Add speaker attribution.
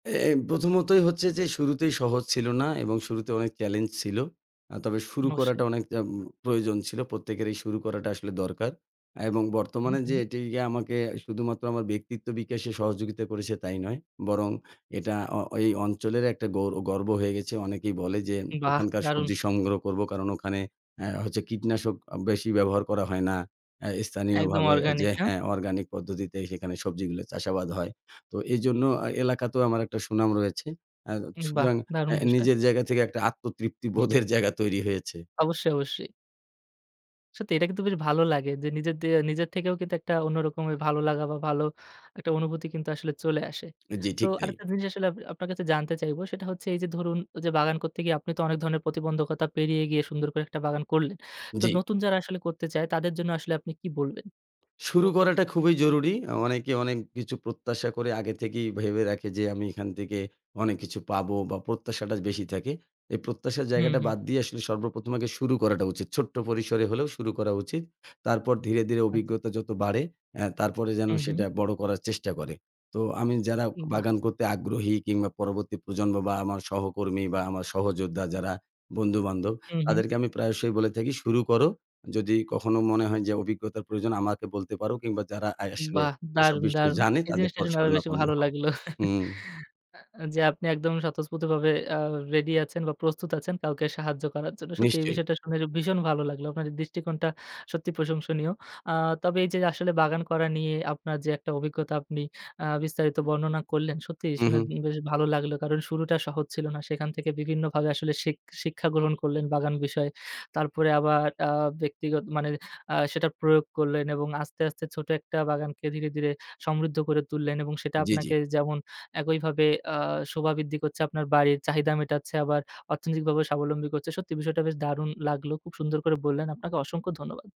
Speaker 1: এ এ প্রথমতই হচ্ছে যে শুরুতেই সহজ ছিল না এবং শুরুতে অনেক চ্যালেঞ্জ ছিল। আ তবে শুরু
Speaker 2: অবশ্যই।
Speaker 1: করাটা অনেক আ প্রয়োজন ছিল। প্রত্যেকের এই শুরু করাটা আসলে দরকার। এবং
Speaker 2: হুম,
Speaker 1: বর্তমানে যে
Speaker 2: হুম।
Speaker 1: এটি আমাকে শুধুমাত্র আমার ব্যক্তিত্ব বিকাশে সহযোগিতা করেছে তাই নয়। বরং এটা অ এই অঞ্চলের একটা গৌর গর্ব হয়ে গেছে। অনেকেই বলে যে
Speaker 2: বাহ!
Speaker 1: ওখানকার
Speaker 2: দারুণ।
Speaker 1: সবজি সংগ্রহ করব, কারণ ওখানে আ হচ্ছে কীটনাশক বেশি ব্যবহার করা হয় না। আ
Speaker 2: একদম
Speaker 1: স্থানীয়ভাবে
Speaker 2: অর্গানিক,
Speaker 1: যে,
Speaker 2: না?
Speaker 1: হ্যাঁ, অর্গানিক পদ্ধতিতে সেখানে সবজিগুলো চাষাবাদ হয়। তো এজন্য এ এলাকাতেও আমার একটা সুনাম রয়েছে। আ
Speaker 2: হুম, বাহ!
Speaker 1: সুতরাং আ
Speaker 2: দারুণ বিষয়।
Speaker 1: নিজের জায়গা থেকে একটা আত্মতৃপ্তি বোধের জায়গা তৈরি হয়েছে।
Speaker 2: অবশ্যই, অবশ্যই। সত্যি এটা কিন্তু বেশ ভালো লাগে। যে নিজের দিয়ে, নিজের থেকেও কিন্তু একটা অন্যরকমের ভালো লাগা বা ভালো একটা অনুভূতি কিন্তু আসলে চলে আসে।
Speaker 1: জি,
Speaker 2: তো
Speaker 1: ঠিক তাই।
Speaker 2: আরেকটা জিনিস আসলে আপনা আপনার কাছে জানতে চাইব, সেটা হচ্ছে এই যে ধরুন ও যে, বাগান করতে গিয়ে আপনি তো অনেক ধরনের প্রতিবন্ধকতা পেরিয়ে গিয়ে সুন্দর করে একটা বাগান করলেন। তো
Speaker 1: জি।
Speaker 2: নতুন যারা আসলে করতে চায় তাদের জন্য আসলে আপনি কি বলবেন?
Speaker 1: শুরু করাটা খুবই জরুরি। অ অনেকে, অনেক কিছু প্রত্যাশা করে আগে থেকেই ভেবে রাখে যে, আমি এখান থেকে অনেক কিছু পাবো, বা প্রত্যাশাটা বেশি থাকে। এই প্রত্যাশার
Speaker 2: হুম,
Speaker 1: জায়গাটা
Speaker 2: হুম।
Speaker 1: বাদ দিয়ে আসলে, সর্বপ্রথম আগে শুরু করাটা উচিত। ছোট্ট পরিসরে হলেও শুরু করা উচিত। তারপর ধীরে, ধীরে
Speaker 2: আচ্ছা।
Speaker 1: অভিজ্ঞতা যত বাড়ে, আ তারপরে যেন
Speaker 2: হুম, হুম।
Speaker 1: সেটা বড় করার চেষ্টা করে। তো আমি যারা
Speaker 2: উ বাহ!
Speaker 1: বাগান করতে আগ্রহী কিংবা পরবর্তী প্রজন্ম বা আমার সহকর্মী বা আমার সহযোদ্ধা যারা বন্ধুবান্ধব,
Speaker 2: উ হু।
Speaker 1: তাদেরকে আমি প্রায়শই বলে থাকি, শুরু করো, যদি কখনো মনে হয় যে, অভিজ্ঞতার প্রয়োজন আমাকে বলতে পারো, কিংবা যারা আ আসলে
Speaker 2: বাহ!
Speaker 1: এসব
Speaker 2: দারুণ,
Speaker 1: বিষয়
Speaker 2: দারুণ।
Speaker 1: জানে
Speaker 2: এই
Speaker 1: তাদের
Speaker 2: জিনিসটা
Speaker 1: পরে
Speaker 2: শুনে আরো বেশি
Speaker 1: শরণাপন্ন
Speaker 2: ভালো
Speaker 1: হও।
Speaker 2: লাগলো।
Speaker 1: হুম।
Speaker 2: এ যে আপনি একদমই স্বতঃস্ফূর্তভাবে আ রেডি আছেন বা প্রস্তুত আছেন কাউকে সাহায্য করার জন্য। সত্যি এই
Speaker 1: নিশ্চয়ই।
Speaker 2: বিষয়টা শুনে ভীষণ ভালো লাগলো। আপনার দৃষ্টিকোণটা সত্যি প্রশংসনীয়। আ তবে এই যে আসলে বাগান করা নিয়ে আপনার যে একটা অভিজ্ঞতা, আপনি আ বিস্তারিত বর্ণনা করলেন, সত্যিই
Speaker 1: হুঁ,
Speaker 2: শুনে
Speaker 1: হুঁ।
Speaker 2: বেশ ভালো লাগলো। কারণ শুরুটা সহজ ছিল না। সেখান থেকে বিভিন্নভাবে আসলে শিখ শিক্ষা গ্রহণ করলেন, বাগান বিষয়ে। তারপরে আবার আ ব্যক্তিগত মানে আ সেটা প্রয়োগ করলেন এবং আস্তে, আস্তে ছোট একটা বাগানকে ধীরে, ধীরে সমৃদ্ধ করে তুললেন এবং সেটা
Speaker 1: জ্বি, জ্বি।
Speaker 2: আপনাকে যেমন একইভাবে আ শোভা বৃদ্ধি করছে, আপনার বাড়ির চাহিদা মেটাচ্ছে। আবার অর্থনৈতিকভাবে স্বাবলম্বী করছে। সত্যি বিষয়টা বেশ দারুণ লাগলো। খুব সুন্দর করে বললেন, আপনাকে অসংখ্য ধন্যবাদ।